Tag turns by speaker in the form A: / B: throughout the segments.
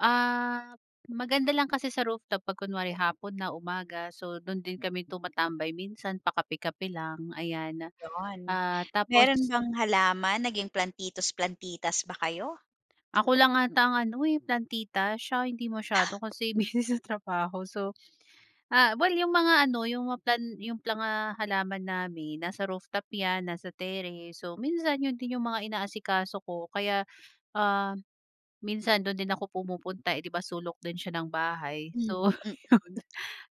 A: Ah, maganda lang kasi sa rooftop pag kunwari hapon na umaga. So dun din kami tumatambay minsan pa kape-kape lang ayan,
B: Yun,
A: ah,
B: meron
A: tapos
B: bang halaman naging plantitos, plantitas ba kayo?
A: Ako lang ata ang ano, eh, plantita siya hindi masyado kasi busy sa trabaho. So, ah, well yung mga ano yung mga plan yung planga halaman namin nasa rooftop yan nasa terrace, so minsan yun din yung mga inaasikaso ko kaya, ah, minsan dun din ako pumupunta, eh, di ba sulok din siya ng bahay.
B: Hmm,
A: So ayun,
B: mm.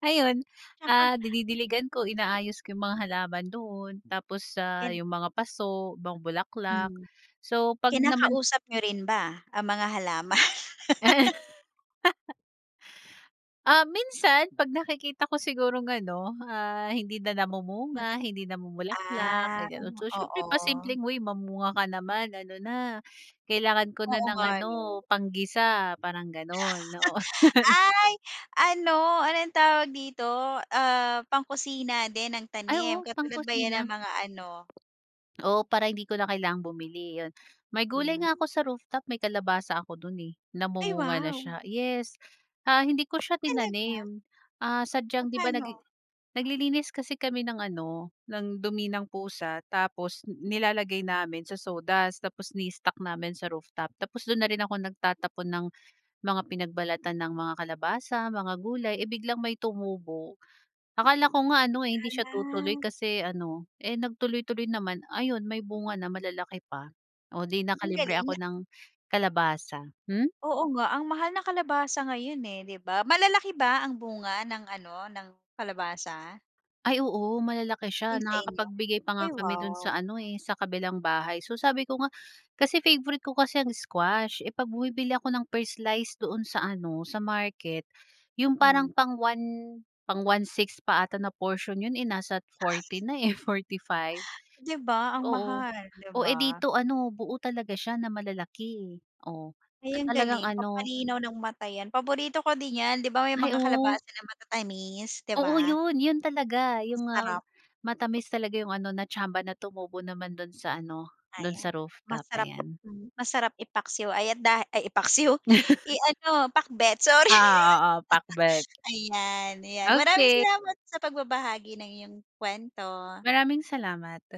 A: ayun, ah, dinidiligan ko inaayos ko yung mga halaman doon tapos, ah,
B: Yan.
A: yung mga paso mga bulaklak
B: Hmm.
A: so pag naman
B: Kinakausap niyo rin ba, ang mga halaman?
A: Ah, minsan pag nakikita ko sigurong ano, ah, hindi na namumunga,
B: Magan
A: hindi namumulaklak
B: ah,
A: may ganun. So syempre pa simpleng
B: oo.
A: "Uy mamunga ka naman, ano na kailangan ko na
B: Oo
A: ng
B: nga
A: ano
B: no.
A: pang-gisa" parang ganun, oo.
B: Ay ano anong tawag dito, ah, pang-kusina din ng
A: Ay
B: tanim
A: oo
B: katulad ba yan ng
A: pang-kusina.
B: mga ano?
A: Oo para hindi ko na kailangang bumili yun. May gulay nga
B: Hmm.
A: ako sa rooftop, may kalabasa ako dun, eh,
B: Ay
A: namumunga na
B: wow.
A: siya. Yes, ah, hindi ko siya
B: Talaga?
A: tinanim, ah, sadyang di ba nagli
B: Papaano?
A: naglilinis kasi kami ng ano ng dumi ng pusa tapos nilalagay namin sa sawdust tapos ini-stock namin sa rooftop tapos dun na rin ako nagtatapon ng mga pinagbalatan ng mga kalabasa mga gulay, eh, biglang may tumubo. Akala ko nga ano, eh, hindi siya tutuloy
B: Ah.
A: kasi ano, eh, nag tuloy-tuloy naman ayun may bunga na malalaki pa o di
B: Ang
A: nakalibre
B: galing
A: ako
B: na
A: ng kalabasa. Hmm?
B: Oo nga ang mahal ng kalabasa ngayon eh, di ba? Malalaki ba ang bunga ng ano ng kalabasa?
A: Ay oo malalaki siya
B: Yung sa inyo,
A: nakakapagbigay pa nga
B: ay
A: kami dun sa
B: wow.
A: ano, eh, sa kabilang bahay. So sabi ko nga kasi favorite ko kasi ang squash, eh, pag bumibili ako ng per slice doon sa ano sa market, yung parang
B: Hmm.
A: pang 1 pang 1/6 pa ata na porsyon, eh, nasa 40 na, eh, 45.
B: Di ba ang
A: Oo
B: mahal, di
A: oh, eh,
B: ba?
A: dito ano buo talaga siya na malalaki oh
B: Ay
A: at
B: ang
A: talagang
B: galing
A: ano.
B: pagpalinaw ng mata yan, paborito ko din yan di ba may
A: Ay
B: mga
A: oh.
B: kalabasa na matatamis, di
A: Oo
B: ba?
A: yun yun talaga.
B: Ang
A: Yung, ah,
B: sarap.
A: matamis talaga yung ano na tsamba na tumubo naman dun sa ano dun
B: Ayan
A: sa rooftop
B: masarap,
A: ayan.
B: hmm, masarap ipaksiw ayan at da ay ipaksiw, i-ano pakbet sorry.
A: Oo, oo pakbet.
B: Ayan ayan maraming
A: Okey.
B: salamat sa pagbabahagi ng iyong kuwento.
A: Maraming salamat.